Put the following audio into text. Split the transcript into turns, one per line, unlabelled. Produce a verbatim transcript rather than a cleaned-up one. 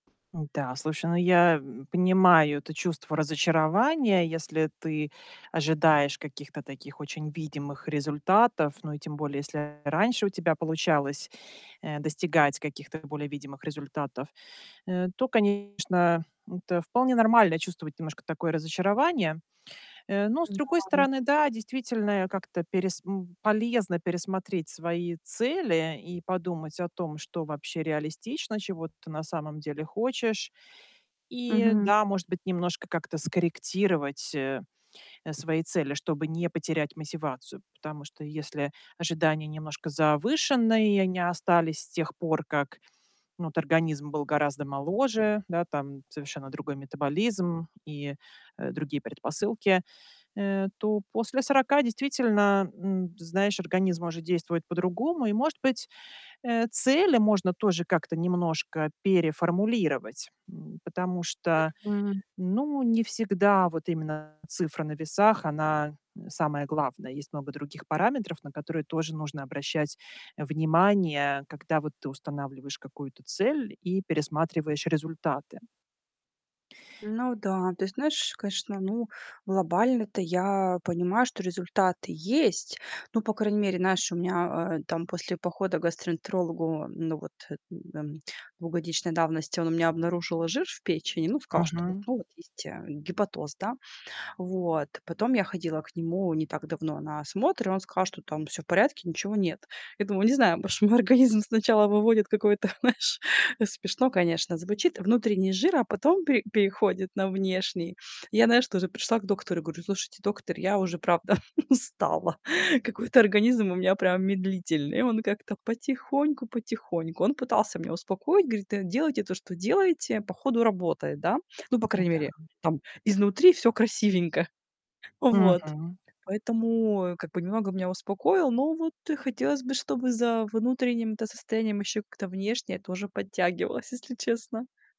Н-да, слушай, ну я, м, понимаю это чувство разочарования. Если ты ожидаешь каких-то таких очень видимых результатов, ну и тем более, если раньше у тебя получалось, э, достигать каких-то более видимых результатов, э, то, конечно, это вполне нормально чувствовать немножко такое разочарование. Э, но с другой
Н-да.
стороны, да, действительно, а, как-то перес м, полезно пересмотреть свои цели и подумать о том, что вообще реалистично, чего ты на самом деле хочешь. И,
Мгм.
да, может быть, немножко как-то скорректировать, э, э, свои цели, чтобы не потерять мотивацию. Потому что если ожидания немножко завышенные и они остались с тех пор, как вот организм был гораздо моложе, да, там совершенно другой метаболизм и, э, другие предпосылки, э, то после сорока действительно, м, ты знаешь, организм может действовать по-другому. И может быть, э, цели можно тоже как-то немножко переформулировать, м. Потому что,
Мгм.
ну, не всегда вот именно цифра на весах, она, э, самая главная. Есть много других параметров, на которые тоже нужно обращать внимание, когда вот ты устанавливаешь какую-то цель и пересматриваешь результаты.
Ну да, то есть, знаешь, конечно, ну, глобально-то я понимаю, что результаты есть. Ну, по крайней мере, знаешь, у меня, э, там после похода к гастроэнтерологу, ну, вот, э, эм, двухгодичной давности он у меня обнаружил жир в печени, ну, сказал, что вот,
Мгм.
ну, вот есть, э, гепатоз, да. Вот. Потом я ходила к нему не так давно на осмотр, и он сказал, что там всё в порядке, ничего нет. Я думаю, не знаю, может мой организм сначала выводит какой-то, знаешь- смешно, конечно, звучит- внутренний жир, а потом пе переходит на внешний. Я, знаешь, тоже пришла к доктору и говорю: "Слушайте, доктор, я уже правда устала. Какой-то организм у меня прям медлительный. И он как-то потихоньку-потихоньку". Он пытался меня успокоить, говорит: "Да делайте то, что делаете. По ходу работает, да?" Ну, по крайней
Н-да.
мере, там изнутри всё красивенько. Вот.
Мгм.
Поэтому, как бы, немного меня успокоил, но вот, э, и хотелось бы, чтобы за внутренним-то состоянием ещё как-то внешнее тоже подтягивалось, если честно.